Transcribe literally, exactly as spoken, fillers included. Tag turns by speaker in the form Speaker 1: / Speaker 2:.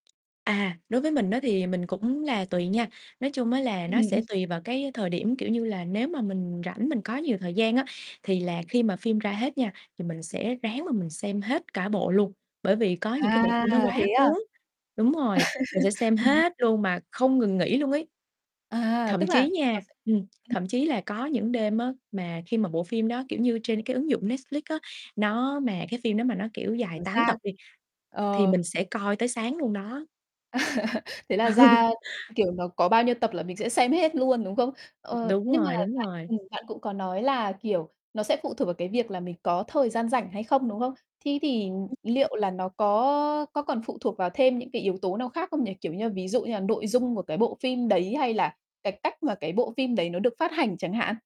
Speaker 1: À, đối với mình á thì mình cũng là tùy nha. Nói chung á là nó sẽ
Speaker 2: Ừm.
Speaker 1: tùy vào cái thời điểm. Kiểu như là, nếu mà mình rảnh, mình có nhiều thời gian á thì là khi mà phim ra hết nha thì mình sẽ ráng mà mình xem hết cả bộ luôn. Bởi vì có những cái bộ
Speaker 2: À,
Speaker 1: phim nó quá
Speaker 2: thế à?
Speaker 1: cuốn. Đúng rồi, mình sẽ xem
Speaker 2: Ừm.
Speaker 1: hết luôn mà không ngừng nghỉ luôn ấy.
Speaker 2: À,
Speaker 1: Thậm
Speaker 2: tức
Speaker 1: chí
Speaker 2: là nó
Speaker 1: nha
Speaker 2: sẽ
Speaker 1: ừm,
Speaker 2: ừm.
Speaker 1: thậm chí là có những đêm á mà khi mà bộ phim đó, kiểu như, trên cái ứng dụng Netflix á, nó mà cái phim đó mà nó, kiểu, dài
Speaker 2: Nó
Speaker 1: tám
Speaker 2: ra
Speaker 1: tập đi thì
Speaker 2: ờ.
Speaker 1: mình sẽ coi tới sáng luôn đó.
Speaker 2: Thế là ra kiểu, nó có bao nhiêu tập là mình sẽ xem hết luôn, đúng không? Ờ,
Speaker 1: Đúng
Speaker 2: nhưng mà
Speaker 1: rồi,
Speaker 2: bạn
Speaker 1: đúng rồi.
Speaker 2: ừm, bạn cũng có nói là, kiểu, nó sẽ phụ thuộc vào cái việc là mình có thời gian rảnh hay không, đúng không? Thí thì
Speaker 1: [unintelligible]
Speaker 2: liệu là nó có có còn phụ thuộc vào thêm những cái yếu tố nào khác không nhỉ? Kiểu như, ví dụ như là nội dung của cái bộ phim đấy, hay là cái cách mà cái bộ phim đấy nó được phát hành chẳng hạn?